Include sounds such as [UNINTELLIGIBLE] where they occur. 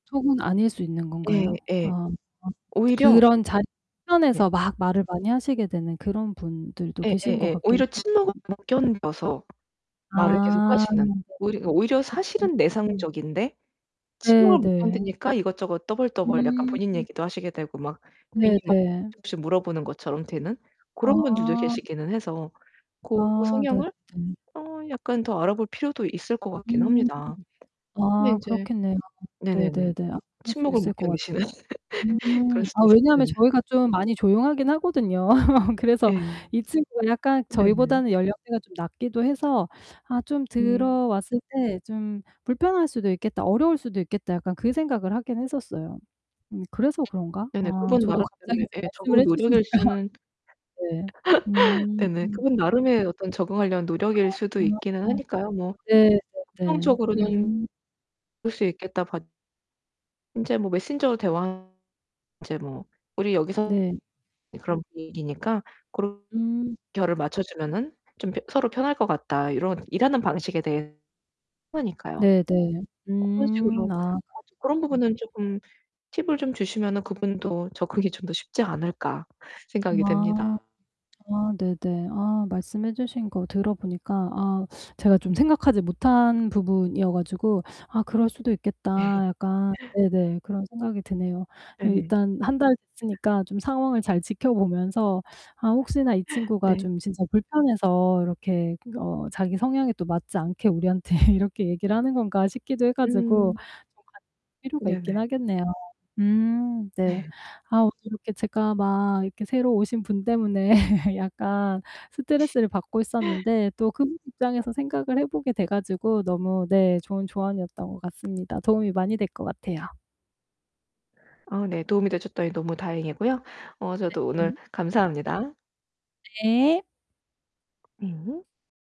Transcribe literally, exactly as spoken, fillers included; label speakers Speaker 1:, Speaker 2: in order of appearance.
Speaker 1: 속은 아닐 수 있는
Speaker 2: 예
Speaker 1: 건가요?
Speaker 2: 예.
Speaker 1: 아 [UNINTELLIGIBLE]
Speaker 2: 오히려
Speaker 1: 그런 자 [UNINTELLIGIBLE]
Speaker 2: 예.
Speaker 1: 에서 막 말을 많이 하시게 되는 그런 분들도 계신 것
Speaker 2: 예예예.
Speaker 1: 같기는
Speaker 2: 오히려
Speaker 1: 하
Speaker 2: 침목을
Speaker 1: [UNINTELLIGIBLE]
Speaker 2: 못 견뎌서 말을
Speaker 1: 아
Speaker 2: 계속하시는 오히려 오히려 사실은
Speaker 1: [UNINTELLIGIBLE]
Speaker 2: 내상적인데
Speaker 1: 네
Speaker 2: 침묵을 못
Speaker 1: 네.
Speaker 2: 견디니까 이것저것 떠벌떠벌 약간 본인
Speaker 1: 음.
Speaker 2: 얘기도 하시게 되고 막 괜히
Speaker 1: 네
Speaker 2: 막
Speaker 1: 네.
Speaker 2: 조금씩 물어보는 것처럼 되는 고런 분들도
Speaker 1: 아.
Speaker 2: 계시기는 해서 고
Speaker 1: 아 네
Speaker 2: 성향을
Speaker 1: 네.
Speaker 2: 어 약간 더 알아볼 필요도 있을 것 같긴
Speaker 1: 음.
Speaker 2: 합니다. 근데
Speaker 1: 아
Speaker 2: 이제
Speaker 1: 그렇겠네요.
Speaker 2: 네네네.
Speaker 1: 네네네. 아 그럴 수
Speaker 2: 침묵을
Speaker 1: 있을
Speaker 2: 못
Speaker 1: 것 같아요.
Speaker 2: 견디시는
Speaker 1: 음.
Speaker 2: [LAUGHS] 그럴 수도
Speaker 1: 아
Speaker 2: 있어
Speaker 1: 왜냐하면
Speaker 2: 네네.
Speaker 1: 저희가 좀 많이 조용하기는 하거든요. [LAUGHS] 그래서
Speaker 2: 예.
Speaker 1: 이 친구가 약간
Speaker 2: 네네.
Speaker 1: 저희보다는 연령대가 좀 낮기도 해서 아 좀
Speaker 2: 음.
Speaker 1: 들어왔을 때 '좀 불편할 수도 있겠다. 어려울 수도 있겠다.' 약간 그 생각을 하기는 했었어요. 음 그래서 그런가?
Speaker 2: 네네.
Speaker 1: 아
Speaker 2: 그분
Speaker 1: 저도 갑자기
Speaker 2: 나름대로의
Speaker 1: 이제
Speaker 2: 예
Speaker 1: 말씀을
Speaker 2: 적응
Speaker 1: 해
Speaker 2: 노력일
Speaker 1: 주시니까
Speaker 2: 수는
Speaker 1: 네.
Speaker 2: [LAUGHS]
Speaker 1: 음.
Speaker 2: 네네. 그분 나름의 어떤 적응하려는 노력일
Speaker 1: 아
Speaker 2: 수도 있기는
Speaker 1: [UNINTELLIGIBLE]
Speaker 2: 하니까요 뭐
Speaker 1: 네네네.
Speaker 2: 긍정적으로는
Speaker 1: 음.
Speaker 2: '그럴 수 있겠다.' 봐 이제 뭐 메신저로 대화 [UNINTELLIGIBLE] 이제 뭐 '우리 여기서
Speaker 1: 네.
Speaker 2: 그런 분위기니까 그런
Speaker 1: 음.
Speaker 2: 결을 맞춰주면은 좀 펴 서로 편할 것 같다.' 이런 일하는 방식에 대해 [UNINTELLIGIBLE] 그러니까요.
Speaker 1: 네네.
Speaker 2: 고런
Speaker 1: 음
Speaker 2: 식으로
Speaker 1: 아
Speaker 2: [UNINTELLIGIBLE] '고런
Speaker 1: [UNINTELLIGIBLE]
Speaker 2: 부분은 조금 팁을 좀 주시면은 그분도 접근이 좀 더 쉽지 않을까?' 생각이
Speaker 1: 아.
Speaker 2: 됩니다.
Speaker 1: 아 네네. 아 말씀해 주신 거 들어 보니까 아 제가 좀 생각하지 못한 부분이어 가지고 '아 그럴 수도
Speaker 2: 예
Speaker 1: 있겠다.' 약간
Speaker 2: [LAUGHS]
Speaker 1: 네네 그런 생각이 드네요.
Speaker 2: 네네.
Speaker 1: 일단 한 달 됐으니까 좀 상황을 잘 지켜 보면서 '아 혹시나 이 친구가
Speaker 2: 네.
Speaker 1: 좀 진짜 불편해서 이렇게 어 자기 성향에 또 맞지 않게 우리한테 이렇게 얘기를 하는 건가?' 싶기도 해 가지고
Speaker 2: 음.
Speaker 1: 좀 같 [UNINTELLIGIBLE] 필요가 있기는
Speaker 2: 네네.
Speaker 1: 하겠네요. 음 네.
Speaker 2: 네.
Speaker 1: 아 오늘 이렇게 제가 막 이렇게 새로 오신 분 때문에 [LAUGHS] 약간 스트레스를 받고
Speaker 2: [LAUGHS]
Speaker 1: 있었는데 또 그분 입장에서 생각을 해 보게 돼 가지고 너무 네 좋은 조언이었던 것 같습니다. 도움이 많이 될 것 같아요.
Speaker 2: 아 네 도움이 되셨다니 너무 다행이고요 어 저도 오늘
Speaker 1: 네네.
Speaker 2: 감사합니다.
Speaker 1: 네.
Speaker 2: 음.